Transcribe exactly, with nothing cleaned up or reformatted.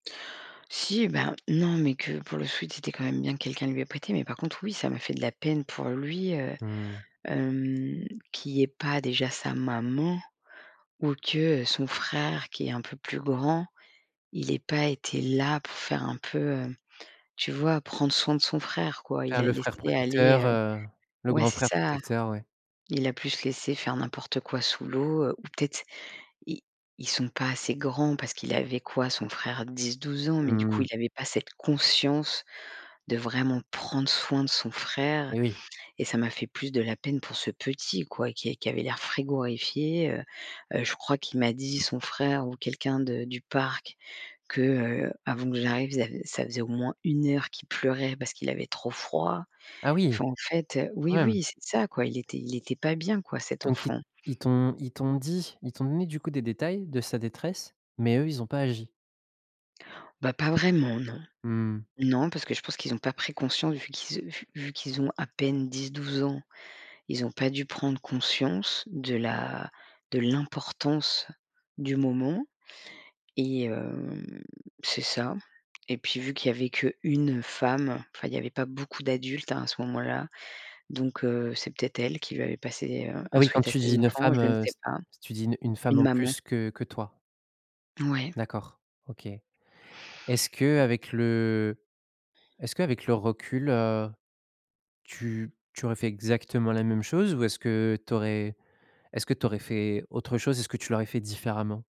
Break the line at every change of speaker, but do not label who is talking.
Si, bah, non, mais que pour le sweat, c'était, quand même, bien que quelqu'un lui ait prêté. Mais par contre, oui, ça m'a fait de la peine pour lui, heu,
Mmh.
hem, qu'il y ait pas déjà sa maman ou que, heu, son frère, qui est un peu plus grand, il est pas été là pour faire un peu, heu, tu vois, prendre soin de son frère, quoi. Il
Faire
l'a
le frère
laissé
protecteur,
aller, heu
heu, le
ouais,
grand
c'est
frère
ça.
protecteur, ouais.
Il l'a plus laissé faire n'importe quoi sous l'eau ou peut-être, i ils sont pas assez grands parce qu'il avait quoi, son frère? dix-douze ans. Mais du
Mmh
coup,
mh.
il avait pas cette conscience de vraiment prendre soin de son frère
Eh oui.
et ça m'a fait plus de la peine pour ce petit, quoi, qui qui avait l'air frigorifié, heu heu, je crois qu'il m'a dit, son frère ou quelqu'un de du parc que, heu, avant que j'arrive, zav ça faisait au moins une heure qu'il pleurait parce qu'il avait trop froid.
Ah, oui.
Enfin, en fait, heu
Quand
oui,
même.
oui, c'est ça, quoi. Il était il était pas bien, quoi, cet
Donc ils t
enfant.
ils t'ont ils t'ont dit, ils t'ont donné, du coup, des détails de sa détresse mais eux, ils ont pas agi?
Bah, pas vraiment, non.
Mmh mh.
Non, parce que je pense qu'ils ont pas pris conscience vu qu'ils, heu, vu vu qu'ils ont à peine dix-douze ans, ils ont pas dû prendre conscience de la de l'importance du moment et hem, c'est ça et puis vu qu'il y avait qu'une femme, enfin, il y avait pas beaucoup d'adultes, hein, à ce moment-là. Donc heu, c'est peut-être elle qui lui avait passé, heu,
Ah
un
oui, quand
sweat à
tu dis
ses
une
enfants.
femme,
Je ne
heu,
sais
c
pas.
tu dis une une femme
Une
en
maman.
plus que que toi?
Ouais.
D'accord. OK. Est-ce qu'avec le est-ce qu'avec le recul, heu, tu tu aurais fait exactement la même chose ou est-ce que tu aurais est-ce que tu aurais fait autre chose? Est-ce que tu l'aurais fait différemment?